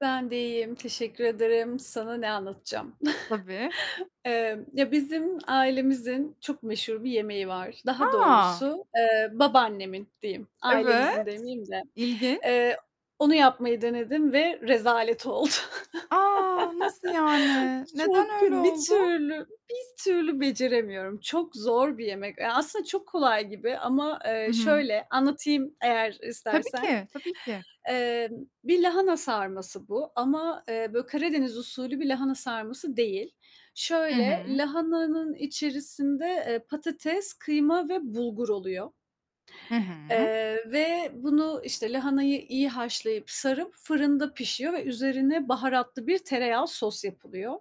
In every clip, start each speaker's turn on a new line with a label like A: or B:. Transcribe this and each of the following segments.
A: Ben de iyiyim, teşekkür ederim. Sana ne anlatacağım?
B: Tabii.
A: Emm, ya bizim ailemizin çok meşhur bir yemeği var. Daha
B: A!
A: doğrusu, eee, babaannemin diyeyim,
B: Evet,
A: ailemizin demeyeyim de,
B: ilginç.
A: eee, onu yapmayı denedim ve rezalet oldu.
B: A, nasıl yani?
A: Çok
B: Neden öyle
A: kötü, bir
B: oldu?
A: türlü, bir türlü beceremiyorum. Çok zor bir yemek, ya aslında çok kolay gibi ama,
B: Hı
A: eee,
B: hı.
A: şöyle, anlatayım, eğer
B: Tabii
A: istersen.
B: ki, tabii ki.
A: Eee, bir lahana sarması bu ama, eee, böyle Karadeniz usulü bir lahana sarması değil.
B: Hı
A: Şöyle,
B: hı.
A: lahananın içerisinde, eee, patates, kıyma ve bulgur oluyor.
B: Hı hı.
A: Eee, ve bunu, işte, lahanayı iyi haşlayıp sarıp fırında pişiyor ve üzerine baharatlı bir tereyağı sos yapılıyor.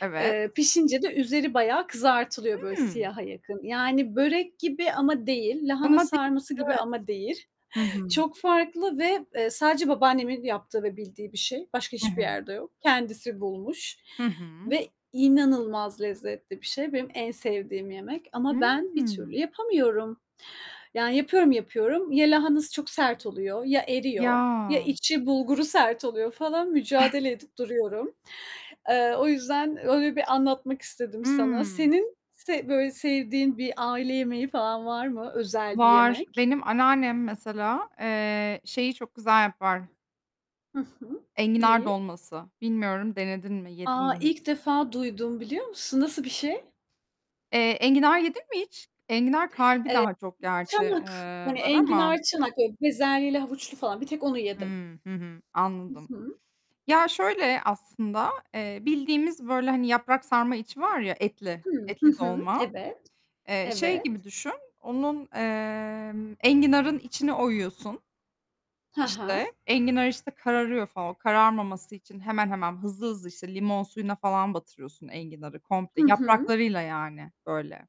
B: Evet.
A: Eee, pişince de üzeri bayağı kızartılıyor böyle
B: Hımm.
A: siyaha yakın yani börek gibi ama değil, lahana
B: Ama [unintelligible]
A: sarması gibi
B: evet.
A: ama değil,
B: Hı hı.
A: çok farklı ve, eee, sadece babaannemin yaptığı ve bildiği bir şey, başka
B: Hı
A: hiçbir
B: hı.
A: yerde yok. Kendisi bulmuş
B: Hı hı.
A: ve inanılmaz lezzetli bir şey. Benim en sevdiğim yemek ama ben bir türlü
B: Hımm.
A: yapamıyorum, yani, yapıyorum yapıyorum, ya lahanası çok sert oluyor, ya eriyor, ya
B: Ya.
A: içi bulguru sert oluyor falan mücadele edip duruyorum. Eee, o yüzden öyle bir anlatmak istedim sana.
B: Imm.
A: Senin se böyle sevdiğin bir aile yemeği falan var mı? Özel bir
B: Var,
A: yemek.
B: benim anneannem mesela, eee, şeyi çok güzel yapar.
A: Hı hı,
B: Enginar
A: neyi?
B: dolması. Bilmiyorum denedin mi yedin
A: A,
B: mi
A: ilk
B: hiç?
A: defa duydum biliyor musun? Nasıl bir şey?
B: Eee, enginar yedin mi hiç? Enginar kalbi
A: Eee
B: daha çok gerçi,
A: çanak,
B: eee,
A: hani,
B: var ama.
A: enginar çanak, bezelyeli havuçlu falan bir tek onu yedim.
B: Hıı, hı hı.
A: Hı
B: Anladım.
A: hı.
B: Ya şöyle, aslında, eee, bildiğimiz böyle, hani, yaprak sarma içi var ya etli,
A: Hı, hı
B: etli
A: hı.
B: dolma.
A: Evet.
B: Eee, şey gibi
A: Evet.
B: düşün, onun, eee, enginarın içini oyuyorsun.
A: He he.
B: İşte, enginar işte kararıyor falan. O kararmaması için hemen hemen; hızlı hızlı, işte, limon suyuna falan batırıyorsun enginarı
A: Hı
B: komple.
A: hı.
B: Yapraklarıyla, yani, böyle.